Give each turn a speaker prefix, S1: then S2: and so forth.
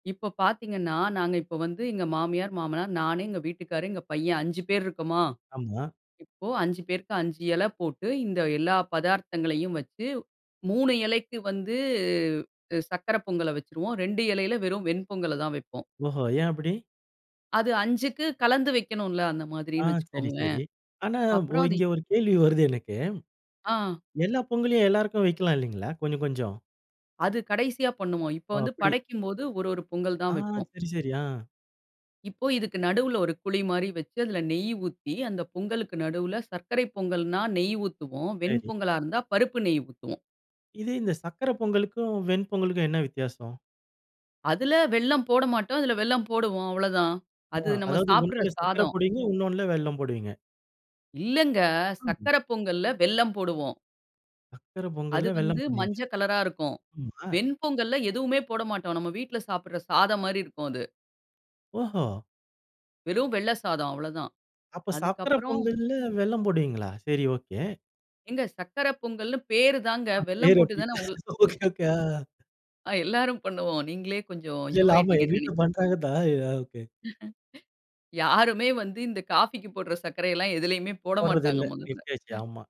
S1: இப்ப பார்த்தீங்கன்னா, நாங்க இப்ப வந்து எங்க மாமியார், மாமனார் நானு, எங்க வீட்டுக்காரு, எங்க பையன் 5 பேர் இருக்கோமா?
S2: ஆமா.
S1: இப்ப 5 பேருக்கு 5 இலை போட்டு, இந்த, எல்லா பதார்த்தங்களையும் வெச்ச 3 இலைக்கு வந்து சர்க்கரை பொங்கல வைச்சுருவோம். 2 இலைல வெறும் வெண்பொங்கல தான் வெப்போம்.
S2: ஓஹோ! ஏன் அப்படி?
S1: அது 5 க்கு கலந்து வெக்கணும்ல அந்த
S2: அ,
S1: மாதிரின்னு
S2: சரி
S1: வெச்சுக்கோங்களேன்.
S2: சரி. ஆனா ஓ
S1: அப்புறம் அது
S2: இங்க ஒரு கேள்வி வருது எனக்கு.
S1: அ.
S2: எல்லா பொங்கலையும் எல்லாருக்கும் வைக்கலாம் இல்லைங்களா? கொஞ்சம், கொஞ்சம்.
S1: அது கடைசியா பண்ணுவோம். இப்ப
S2: ஓ,
S1: வந்து
S2: அப்படி.
S1: படைக்கும்போது 1, 1 பொங்கல்
S2: அ.
S1: தான் வெப்போம்.
S2: சரி, சரி. அ.
S1: இப்போ இதுக்கு நடுவுல ஒரு குழி மாரி வெச்சு, அதில நெய் ஊத்தி, அந்த பொங்கலுக்கு நடுவுல சர்க்கரை பொங்கல்ன்னா, நெய் ஊத்துவோம். வெண்
S2: சரி.
S1: பொங்கலா இருந்தா பருப்பு நெய் ஊத்துவோம்.
S2: இது இந்த சர்க்கரை பொங்கலுக்கும், வெண் பொங்கலுக்கும் என்ன வித்தியாசம்?
S1: அதில வெல்லம் போட மாட்டோம். அதில வெல்லம் போடுவோம் அவ்ளோதான்!
S2: மோ
S1: அது நம்ம
S2: அதாவது
S1: சாப்பிடுற
S2: ஒன்றில சர்க்கரை
S1: சாதம்.
S2: போடுவீங்க, இன்னொன்னுல வெல்லம் போடுவீங்க?
S1: இல்லங்க!
S2: ம்.
S1: சக்கரை பொங்கல்ல வெல்லம் போடுவோம்.
S2: சர்க்கரை
S1: அது
S2: பொங்கல்ல வெல்லம்
S1: வந்து
S2: போடுவீங்க.
S1: மஞ்சள் கலரா இருக்கும்.
S2: ஆமா.
S1: வெண்பொங்கல்ல எதுவுமே போட மாட்டோம். நம்ம வீட்டில சாப்பிடுற சாதம் மாரி இருக்கும் அது.
S2: ஓஹோ!
S1: வெறும் வெள்ள சாதம் அவ்ளோதான்.
S2: அப்ப
S1: அதுக்கு
S2: சர்க்கரை
S1: அப்புறம்.
S2: பொங்கல்ல வெல்லம் போடுவீங்களா! சரி ஒகே.
S1: ஏங்க சர்க்கரை பொங்கல்ன்னு பேரு தாங்க.
S2: ஆன
S1: வெல்லம்
S2: பேர்
S1: போட்டு
S2: அப்படி.
S1: தான உங்க
S2: ஒகே ஒகே. அ.
S1: அ எல்லாரும் பண்ணுவோம். நீங்களே கொஞ்சம்
S2: இல்ல இல்ல, ஆமா எங்க
S1: இதுவாயிட்டீங்கன்னு
S2: வீட்ல
S1: நினைக்கிறேன்.
S2: பண்றாங்க தான். அ, ஓகே.
S1: யாருமே வந்து இந்த காஃபிக்கு போடுற சர்க்கரை எல்லாம், எதுலயுமே போட
S2: போடுறது இல்ல.
S1: மாட்டாங்க முதல்ல!
S2: நிறுத்தியாச்சு. ஆமா.